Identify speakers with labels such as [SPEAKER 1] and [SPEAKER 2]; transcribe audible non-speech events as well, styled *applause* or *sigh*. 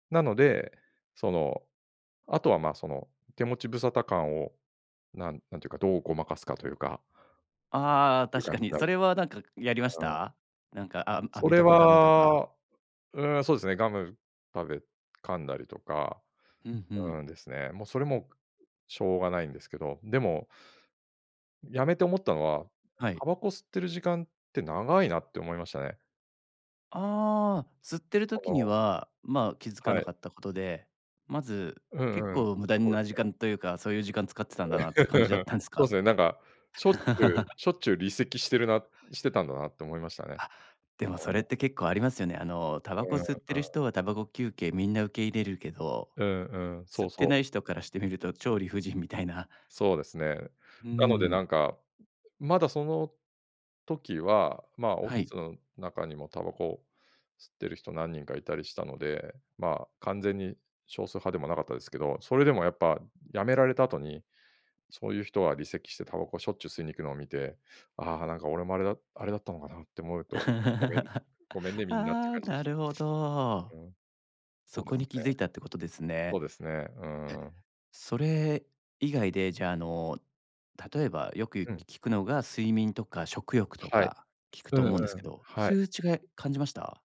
[SPEAKER 1] なので、その、あとは、ま、その手持ち無沙汰感をなんなんていうか、どうごまかすかというか
[SPEAKER 2] ああ、
[SPEAKER 1] ていう
[SPEAKER 2] 確
[SPEAKER 1] 感
[SPEAKER 2] か
[SPEAKER 1] じ
[SPEAKER 2] に。
[SPEAKER 1] にな
[SPEAKER 2] そ
[SPEAKER 1] る
[SPEAKER 2] れはなんかやりまし
[SPEAKER 1] あ、うん。
[SPEAKER 2] た？なんか、あ
[SPEAKER 1] そ
[SPEAKER 2] 飴
[SPEAKER 1] れ
[SPEAKER 2] とかガムとか。
[SPEAKER 1] は、うーん、そうですね、ガム食べ噛んだりとか、
[SPEAKER 2] うん、ふん。
[SPEAKER 1] うん、ですね。もうそれもしょうがないんですけど、でもやめて思ったのは、
[SPEAKER 2] はい。
[SPEAKER 1] タバコ吸ってる時間って長いなって思いましたね。
[SPEAKER 2] ああ、吸ってる
[SPEAKER 1] あ
[SPEAKER 2] 時に
[SPEAKER 1] の
[SPEAKER 2] は、ま、気付か
[SPEAKER 1] は
[SPEAKER 2] な
[SPEAKER 1] い。
[SPEAKER 2] かったことで、まず
[SPEAKER 1] う
[SPEAKER 2] 結
[SPEAKER 1] んうん。
[SPEAKER 2] 構無駄に
[SPEAKER 1] そうで
[SPEAKER 2] な
[SPEAKER 1] す
[SPEAKER 2] 時
[SPEAKER 1] ね。
[SPEAKER 2] 間というか、そういう時間使ってたんだなって感じだっ
[SPEAKER 1] *laughs*
[SPEAKER 2] たんす
[SPEAKER 1] そう
[SPEAKER 2] か？
[SPEAKER 1] すっね。なんか、しょっちゅう
[SPEAKER 2] *laughs*
[SPEAKER 1] しょっちゅう離席してるなしてたんだなって思いましたね、
[SPEAKER 2] あ、でもそ
[SPEAKER 1] 俺
[SPEAKER 2] れっ
[SPEAKER 1] も。
[SPEAKER 2] て結構ありますよね。あのタ
[SPEAKER 1] う
[SPEAKER 2] バコ
[SPEAKER 1] んうん。
[SPEAKER 2] 吸ってる人はタバコ休憩みんな受け入れるけど
[SPEAKER 1] うんうん。そう
[SPEAKER 2] 吸って
[SPEAKER 1] そう。
[SPEAKER 2] ない人からしてみると、超理不尽みたいな。
[SPEAKER 1] そうですね。
[SPEAKER 2] うー
[SPEAKER 1] なので
[SPEAKER 2] ん。
[SPEAKER 1] なんか、まだその時は、ま、オフ
[SPEAKER 2] は
[SPEAKER 1] ィ
[SPEAKER 2] い。
[SPEAKER 1] スん中にもタバコ吸ってる人何人かいたりしたので、まあ、完全に少数派でもなかったですけど、それでもやっぱやめられた後に、そういう人は離席してタバコしょっちゅう吸いに行くのを見て、ああ、なんか俺もあれだあれだったのかなって思うと「ごめん、
[SPEAKER 2] *laughs* あ
[SPEAKER 1] ごめんね、みんな」っていう
[SPEAKER 2] あ、
[SPEAKER 1] 感じで
[SPEAKER 2] な
[SPEAKER 1] した。
[SPEAKER 2] るほど。
[SPEAKER 1] うん、そ
[SPEAKER 2] そ
[SPEAKER 1] うで
[SPEAKER 2] こ
[SPEAKER 1] す
[SPEAKER 2] に気
[SPEAKER 1] ね。
[SPEAKER 2] 付いたってことです
[SPEAKER 1] そ
[SPEAKER 2] ね。
[SPEAKER 1] う
[SPEAKER 2] え。
[SPEAKER 1] ですね、うーん。
[SPEAKER 2] それ以外で、じゃあ、あの、例えば、よくい
[SPEAKER 1] うん。
[SPEAKER 2] 聞くのが睡眠とか食欲と
[SPEAKER 1] はい、
[SPEAKER 2] か聞く
[SPEAKER 1] う
[SPEAKER 2] と
[SPEAKER 1] んう
[SPEAKER 2] 思うんですけ
[SPEAKER 1] ん、
[SPEAKER 2] ど、
[SPEAKER 1] は
[SPEAKER 2] そ
[SPEAKER 1] い。
[SPEAKER 2] ういう違い感じました？